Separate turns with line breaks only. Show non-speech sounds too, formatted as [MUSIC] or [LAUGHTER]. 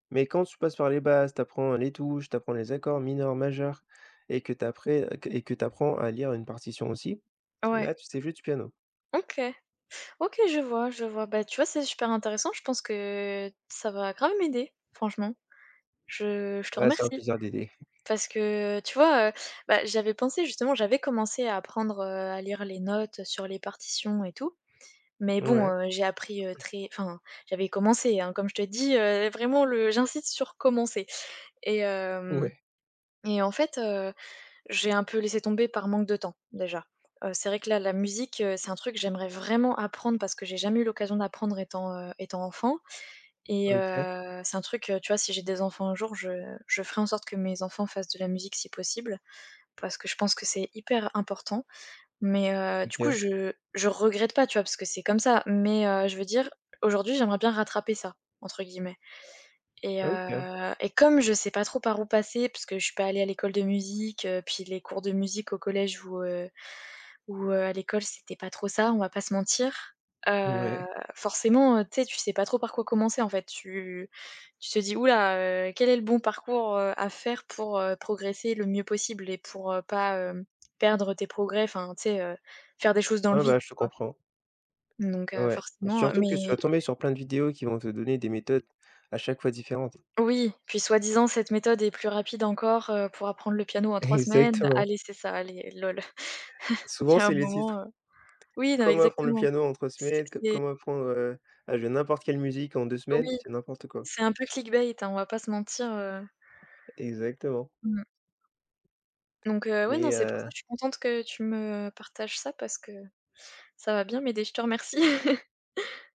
Mais quand tu passes par les bases, tu apprends, heu, les touches. Tu apprends les accords mineurs, majeurs et que t après, heu, que et que tu apprends à lire une partition aussi,
Ouais.
là, tu sais jouer du piano.
OK. OK. Je vois, je vois. Beh, tu vois, c'est super intéressant. Je pense que ça va grave m'aider, franchement. Je je te
Ouais. C'est un
remercie,
plaisir d'aider.
parce que, tu vois, heu, bah, j'avais pensé, justement, j'avais commencé à apprendre, heu, à lire les notes, heu, sur les partitions et tout, mais bon,
Mouais.
heu, j'ai appris, heu, très enfin, j'avais commencé, hein, comme je te dis, heu, vraiment le j'insiste sur commencer et hem,
Ouais.
et en fait, heu, j'ai un peu laissé tomber par manque de temps, déjà. Heu, c'est vrai que, là, la musique, heu, c'est un truc, j'aimerais vraiment apprendre parce que j'ai jamais eu l'occasion d'apprendre étant, heu, étant enfant et
OK.
heu, c'est un truc, heu, tu vois, si j'ai des enfants un jour, je je ferai en sorte que mes enfants fassent de la musique, si possible. Parce que je pense que c'est hyper important, mais, heu, du coup,
OK.
je je regrette pas, tu vois? Parce que c'est comme ça, mais, heu, je veux dire, aujourd'hui, j'aimerais bien «rattraper ça» entre guillemets et
OK.
heu, et comme je sais pas trop par où passer, parce que je suis pas allée à l'école de musique, heu, puis les cours de musique au collège ou, heu, ou, heu, à l'école, c'était pas trop ça. On va pas se mentir. Heu,
Ouais.
forcément, heu, tu sais, tu sais pas trop par quoi commencer, en fait, tu tu te dis: «Ouh là, heu, quel est le bon parcours, heu, à faire pour, heu, progresser le mieux possible et pour, heu, pas, hem, perdre tes progrès», enfin, tu sais, heu, faire des choses dans le
Ouais,
vide,
bah, je
tu
te
vois?
comprends.
Donc, heu,
Ouais,
forcément, heu,
surtout que sur tu
mais
vas tomber sur plein de vidéos qui vont te donner des méthodes à chaque fois différentes.
Oui, puis soi-disant cette méthode est plus rapide encore, heu, pour apprendre le piano en 3 semaines.
Exactement.
Allez, c'est ça, allez, lol. [CHUCKLES] Il
Souvent,
y a un
c'est les
moment,
titres
heu, oui, non, mais
«Comment apprendre le
exactement.
piano en 3
C
semaines», «Co
c'est
comment apprendre, heu, à jouer n'importe quelle musique en 2 semaines».
Oui,
C'est n'importe quoi.
c'est un peu clic bait, hein. On va pas se mentir, heu.
Exactement.
Mmh. Donc, heu, ouais, non,
Mais,
c'est pour ça.
heu
Je suis contente que tu me partages ça, parce que ça va bien m'aider. Je te remercie. [LAUGHS]